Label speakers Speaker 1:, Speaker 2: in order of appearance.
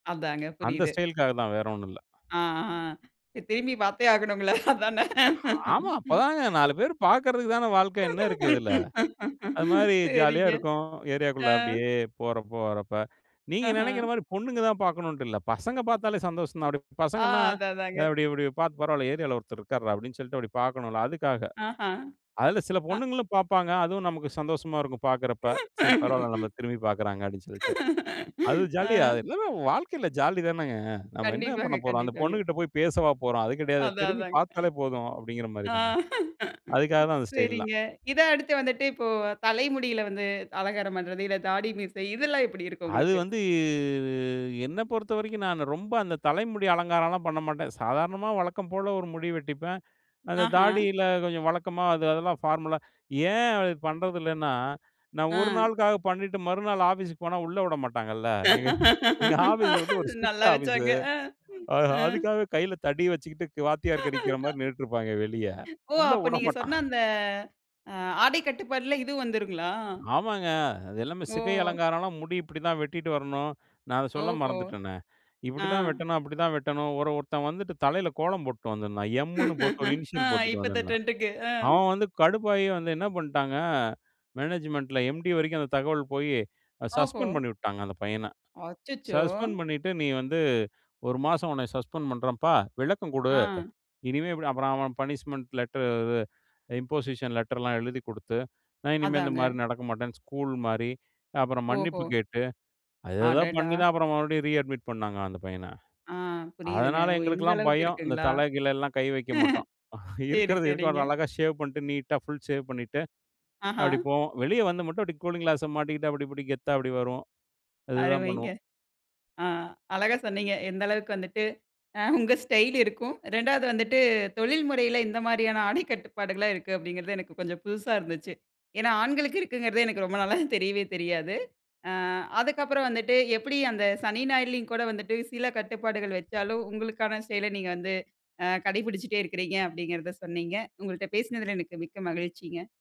Speaker 1: அதாங்க
Speaker 2: அந்த
Speaker 1: புரியுது.
Speaker 2: ஸ்டைல்காகத்தான் வேற ஒண்ணும் இல்ல.
Speaker 1: ஆ, ஆ, திரும்பிப் பாத்தே ஆகணும் இல்ல, அதானே?
Speaker 2: ஆமா, அப்பதாங்க 4 பேரு பாக்குறதுக்கு தானே வாழ்க்க என்ன இருக்கு இதுல? அது மாரி ஜாலியா
Speaker 1: சரிங்க.
Speaker 2: இருக்கும். ஏரியாக்குள்ள
Speaker 1: ஆ.
Speaker 2: அப்டியே போறப்ப, வரப்ப. நீங்க நெனைக்கிற
Speaker 1: ஆஹன்,
Speaker 2: மாரி பொண்ணுங்க தான் பாக்கணும்ண்ட்டு இல்ல. பசங்க பாத்தாலே சந்தோஷம்தான். அப்டி
Speaker 1: ஆ,
Speaker 2: பசங்கன்னா,
Speaker 1: அதான்
Speaker 2: அ
Speaker 1: அதாங்க.
Speaker 2: அப்டி இப்டி பாத்து, "பரவால்ல, ஏரியாவுல ஒருத்தர் இருக்காருடா" அப்டின்னு சொல்ட்டு அப்டி பாக்கணும்ல, அதுக்காக.
Speaker 1: ஆஹன்,
Speaker 2: அதுல சில
Speaker 1: அ,
Speaker 2: பொண்ணுங்களும் பாப்பாங்க. அதுவும் நமக்கு சந்தோஷமா இருக்கும் பாக்குறப்ப. "சரி பரவால்ல நம்பள திரும்பிப் பாக்கிறாங்க" அப்டின்னு சொல்லிட்டு. அது ஜாலியா
Speaker 1: ஆ,
Speaker 2: எல்லாமே வாழ்க்கைல ஜாலி தானேங்க. நம்ம என்ன
Speaker 1: கண்டிப்பாங்க
Speaker 2: பண்ணப் போறோம்? அந்த
Speaker 1: கண்டிப்பாங்க.
Speaker 2: பொண்ணுகிட்ட போயி பேசவா போறோம், அது கெடையாது.
Speaker 1: அதான்
Speaker 2: திரும்பி
Speaker 1: அதாங்க.
Speaker 2: பாத்தாலே போதும். அப்டிங்கிற மாரி
Speaker 1: ஆ,
Speaker 2: தானே? அதுக்காக தான் அந்த ஸ்டைல்லாம்.
Speaker 1: சரிங்க. இதான் அடுத்து வந்துட்டு இப்போ, தலைமுடில வந்து, அலங்காரம் பண்றது இல்ல தாடி, மீசை இதெல்லாம் எப்படி இருக்கு
Speaker 2: அது
Speaker 1: உங்களுக்கு?
Speaker 2: வந்து, என்ன பொறுத்தவரைக்கும் நானு ரொம்ப அந்த தலைமுடி அலங்காரம்லாம் பண்ண மாட்டேன். சாதாரணமா வழக்கம் போல ஒரு முடி வெட்டிப்பேன். அந்த
Speaker 1: ஆஹன்,
Speaker 2: தாடில கொஞ்சம் வழக்கமா அது அதெல்லாம் பார்மலா ஏன் அது பண்றது இல்லன்னா, நான் ஒரு
Speaker 1: ஆ,
Speaker 2: நாளுக்காக பண்ணிட்டு, மறுநாள் ஆஃபீஸ்க்கு போனா உள்ள உடமாட்டாங்கல்ல. எங்க எங்க ஆஃபீஸ் வந்து ஒரு ஸ்ட்ரிக்ட்
Speaker 1: நல்லா
Speaker 2: ஆபீஸூ.
Speaker 1: வெச்சாங்க. ஆ,
Speaker 2: அ
Speaker 1: ஆ,
Speaker 2: அதுக்காக கைல தடி வெச்சுக்கிட்டு, க்கு வாத்தியாருங்க அடிக்குற மாரி நின்னுட்டு இருப்பாங்க வெளிய.
Speaker 1: ஓ!
Speaker 2: உள்ள
Speaker 1: அப்ப நீங்க
Speaker 2: உடமாட்டான்.
Speaker 1: சொன்ன அந்த அ ஆடை கட்டுப்பாட்ல இதுவும் வந்துருங்களா?
Speaker 2: ஆமாங்க, அது எல்லாமே சிகை
Speaker 1: ஓ!
Speaker 2: அலங்காரம்லாம் முடி இப்டித்தான் வெட்டிட்டு வரணும், நான் அத சொல்ல
Speaker 1: ஓஹோ!
Speaker 2: மறந்துட்டனே.
Speaker 1: ஆ.
Speaker 2: இப்டிதான் வெட்டணும், அப்டிதான் வெட்டணும், ஒரன், ஒருத்தன் வந்துட்டு தலைல கோலம் போட்டு வந்திருந்தான். எம்ன்னு போட்டு ஒரு
Speaker 1: ஆ,
Speaker 2: இனிஷியல் போட்டு
Speaker 1: இப்பத்து
Speaker 2: வந்திருந்தான்.
Speaker 1: ட்ரெண்ட்க்கு. ஆ,
Speaker 2: அவன் வந்து கடுப்பாயி வந்து என்ன பண்ட்டாங்க? மேனேஜ்மெண்ட்ல எம்டி வரைக்கும் அந்த தகவல் போயி
Speaker 1: ஓஹோ!
Speaker 2: சஸ்பெண்ட் பண்ணி உட்டுட்டாங்க அந்த பையன.
Speaker 1: அச்சச்சோ!
Speaker 2: சஸ்பெண்ட் பண்ணிட்டு, நீ வந்து மாசம் உன்ன சஸ்பெண்ட் பண்றேன்ப்பா, விளக்கம் குடு.
Speaker 1: ஆ,
Speaker 2: இனிமே இப்டி அப்பறம் அவன் பனிஷ்மெண்ட் லெட்டர், இது, இம்போசிஷன் லெட்டர்லாம் எழுதிக் குடுத்து, நான் இனிமே இந்த
Speaker 1: அதாங்க.
Speaker 2: மாரி நடக்க மாட்டேன்னு ஸ்கூல் மாரி, அப்பறம்
Speaker 1: ஓஹோ!
Speaker 2: மன்னிப்பு கேட்டு அது ஏதோ
Speaker 1: அடடா!
Speaker 2: பண்ணித்தான் அப்பறம் மறுபடியும் ரீ-அட்மிட் பண்ணாங்க அந்த பையன.
Speaker 1: ஆ, புரியுதுங்க.
Speaker 2: அதனால
Speaker 1: ஓ! இந்த
Speaker 2: எங்களுக்கெல்லாம்
Speaker 1: அளவுக்கு
Speaker 2: பயம். இந்த
Speaker 1: இருக்குங்களா?
Speaker 2: தல கிலல்லாம் கை வெக்க மாட்டோம்.
Speaker 1: சரி,
Speaker 2: இருக்கிறத இருக்கிற
Speaker 1: சரிங்க.
Speaker 2: மாரி அழகா ஷேவ் பண்ணிட்டு நீட்டா, ஃபுல் ஷேவ் பண்ணிட்டு அப்டி
Speaker 1: ஆஹன்,
Speaker 2: போவோம். வெளிய வந்து மட்டும் கூலிங் கிளாஸை மாட்டிக்கிட்டு அப்டி இப்டி கெத்தா அப்டி வருவோம்.இது தான்
Speaker 1: அருமைங்க.
Speaker 2: பண்ணுவோம்.
Speaker 1: ஆ, அழகா சொன்னீங்க. எந்த அளவுக்கு வந்துட்டு, அ, உங்க ஸ்டைல் இருக்கும், 2வது வந்துட்டு தொழில் முறைல எந்த மாரியான ஆடைக் கட்டுப்பாடுகள்லாம் இருக்கு அப்டிங்கிறது எனக்கு கொஞ்சம் புதுசா இருந்துச்சி. ஏன்னா, ஆண்களுக்கு இருக்குங்கிறது எனக்கு ரொம்ப நாளா தெரியவே தெரியாது. ஆ, அதுக்கப்புறம் வந்துட்டு, எப்புடி அந்த சனி, ஞாயிறுலயும் கூட வந்துட்டு சில கட்டுப்பாடுகள் வெச்சாலும், உங்களுக்கான செயல நீங்க வந்து, அ கடைபுடிச்சிட்டே இருக்கீங்க அப்டிங்கிறத சொன்னீங்க. உங்கள்ட்ட பேசினதுல எனக்கு மிக்க மகிழ்ச்சிங்க.